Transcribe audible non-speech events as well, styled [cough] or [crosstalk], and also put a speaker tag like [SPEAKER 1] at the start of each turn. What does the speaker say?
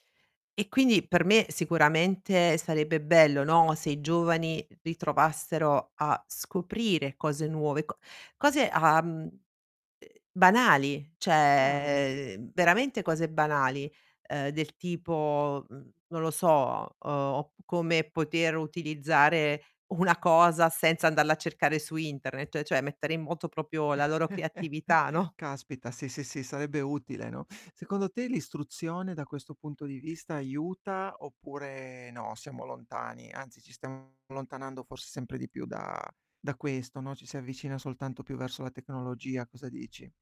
[SPEAKER 1] E quindi, per me, sicuramente sarebbe bello, no, se i giovani ritrovassero a scoprire cose nuove, co cose, uhm, uhm, banali,
[SPEAKER 2] Chiaro.
[SPEAKER 1] cioè veramente cose banali, ehm, del tipo, mhmm, non lo so, uhm op come poter utilizzare una cosa senza andarla a cercare su internet, cioè mettere in moto proprio la loro
[SPEAKER 2] [chuckles]
[SPEAKER 1] creatività, no.
[SPEAKER 2] Caspita, sì, sì, sì, sarebbe utile, no. Secondo te, l'istruzione, da questo punto di vista, aiuta oppure no, siamo lontani? Anzi, ci stiamo allontanando forse sempre di più da da questo, no, ci si avvicina soltanto più verso la tecnologia. Cosa dici?